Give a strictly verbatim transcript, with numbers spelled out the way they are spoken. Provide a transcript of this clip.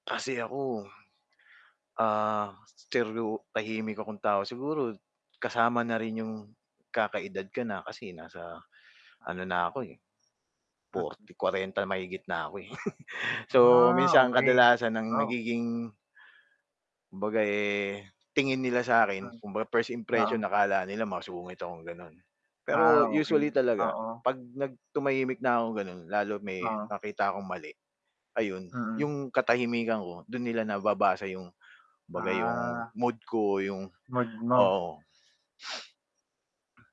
Kasi ako, ah, steryo tahimik akong tao. Siguro kasama na rin 'yong nagkaka-edad ka na kasi nasa ano na ako, eh, forty kwarenta mahigit na ako eh, so, Ah, minsan okey. kadalasan ang Wow. nagiging kumbaga eh, tingin nila sa Wow. 'kin, kumbaga first impression Oo. akala nila masungit ako gano'n. Pero Ah, usually okey, talaga, oo. 'pag nag tumahimik na ako, gano'n, lalo may Oo. nakita akong mali, ayun. Mm. 'Yong katahimikan ko do'n nila nababasa 'yong kumbaga 'yong Ah. mood ko, 'yong Mood mo. oo.